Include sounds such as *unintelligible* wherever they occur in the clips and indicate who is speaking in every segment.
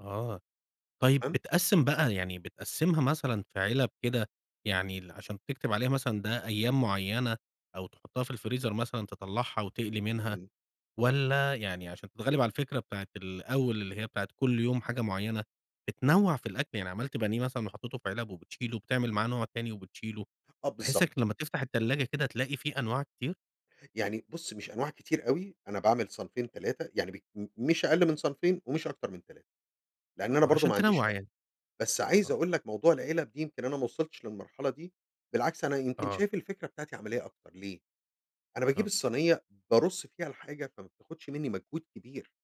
Speaker 1: آه، طيب
Speaker 2: امم.
Speaker 1: بتقَسّم بقى، يعني بتقَسّمها مثلًا في علب كده، يعني ال عشان تكتب عليها مثلًا ده أيام معينة أو تحطها في الفريزر مثلًا تطلعها وتقلي منها،
Speaker 2: امم.
Speaker 1: والّا يعني عشان تتغلب على الفكرة بتاعة الأول اللي هي بتاعة كل يوم حاجة معينة،
Speaker 2: و
Speaker 1: بتنوع في الأكل يعني عملت بانيه مثلًا وحطيته في علب وبتشيله وبتعمل معاه نوع تاني وبتشيله؟
Speaker 2: آه
Speaker 1: بحيث
Speaker 2: بالضبط.
Speaker 1: يك لما تفتح التلاجة كده تلاقي في أنواع كتير؟
Speaker 2: يعني بُص مش أنواع كتير اوي، أنا باعمل صنفين، 3 يعني بال مش أقل من صنفين ومش أكتر من 3، لأن أنا
Speaker 1: آه،
Speaker 2: برضه
Speaker 1: عشان
Speaker 2: ما عنديش
Speaker 1: تنوَّع
Speaker 2: وقت
Speaker 1: يعني،
Speaker 2: بس عايز
Speaker 1: آه.
Speaker 2: أقول لك موضوع العلب دي يمكن أنا ما وصلتش للمرحلة دي، بالعكس أنا يمكن
Speaker 1: آه.
Speaker 2: شايف الفكرة بتاعتي عملية أكتر، ليه أنا باجيب
Speaker 1: آه.
Speaker 2: الصينية بارُصّ فيها الحاجة فما بتاخدش مني مجهود كبير.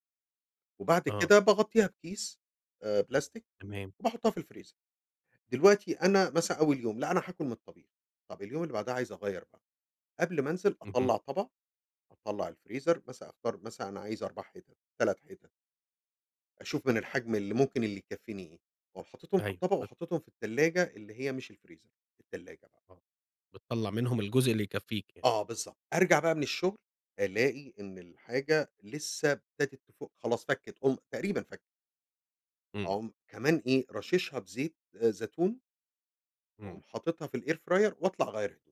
Speaker 2: وبعد
Speaker 1: آه.
Speaker 2: كده باغطيها بكيس آآ، بلاستيك
Speaker 1: تمام.
Speaker 2: وباحُطّها في الفريزر. دلوقتي أنا مثلًا أول يوم لأ، أنا هاكُل من الطبيخ، طب اليوم اللي بعدها عايز أغيّر بقى، قبل ما أنزل
Speaker 1: اهم.
Speaker 2: أطّلع طبق، أطلع الفريزر مثلًا أختار مثلًا أنا عايز 4 حتت، 3 حتت. أشوف من الحجم اللي ممكن اللي يكفيني إيه، وأقوم حاطِطهم في
Speaker 1: أيوه
Speaker 2: الطبق
Speaker 1: ب
Speaker 2: وحاطِطهم في التلاجة اللي هي مش الفريزر، التلاجة بقى.
Speaker 1: آه، بتطَلّع منهم الجزء اللي يكَفيك يعني.
Speaker 2: آه بالضبط، أرجع بقى من الشغل ألاقي إن الحاجة لسه ابتدت تفُك، خلاص فكت أولم تقريبًا فكِّت.
Speaker 1: امم.
Speaker 2: أقوم كمان إيه راشِشها بزيت زيتون. وأقوم
Speaker 1: امم.
Speaker 2: حاطِطها في الair fryer وأطلع أغيّر هدومي.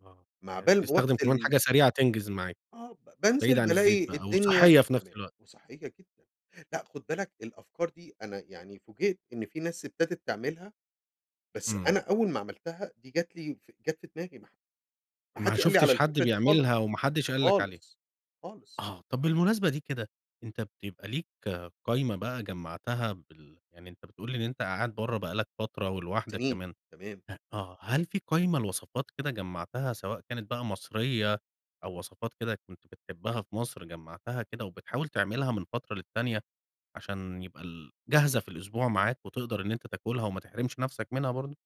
Speaker 1: آه،
Speaker 2: م
Speaker 1: يعني
Speaker 2: عبال ما
Speaker 1: بتستخدم
Speaker 2: رُحت
Speaker 1: كمان
Speaker 2: ال
Speaker 1: حاجة سريعة تنجز معاك.
Speaker 2: آه ب بانزل
Speaker 1: بعيد عن الزيت
Speaker 2: بالاقي
Speaker 1: بقى
Speaker 2: الدنيا
Speaker 1: وصحِّية في نفس
Speaker 2: تمام
Speaker 1: الوقت.
Speaker 2: وصحيّة جدًا، لأ خُد
Speaker 1: امم.
Speaker 2: بالك الأفكار دي أنا يعني فوجئت إن في ناس ابتدت تعملها، بس
Speaker 1: امم.
Speaker 2: أنا أول ما عملتها دي جات لي جات في دماغي، ما حد ما
Speaker 1: ما
Speaker 2: حدّش قال لي على
Speaker 1: شفتش حد
Speaker 2: الفكرة دي خالص،
Speaker 1: بيعملها وما حدش قال لك عليها،
Speaker 2: خالص، خالص.
Speaker 1: آه، طب
Speaker 2: *unintelligible*
Speaker 1: بالمناسبة دي كده أنت بتب بيبقى ليك قايمة بقى جمّعتها بال يعني أنت بتقول لي إن أنت قاعد بره بقى لك فترة ولوحدك
Speaker 2: سنين،
Speaker 1: كمان
Speaker 2: تمام.
Speaker 1: ه آه، هل في قايمة لوصفات كده جمّعتها سواء كانت بقى مصرية أو وصفات كده كنت بتحبها في مصر جمّعتها كده، وبتحاول تعملها من فترة للتانية، عشان يبقى ال جاهزة في الأسبوع معاك وتقدر إن أنت تاكلها وما تحرمش نفسك منها برضو؟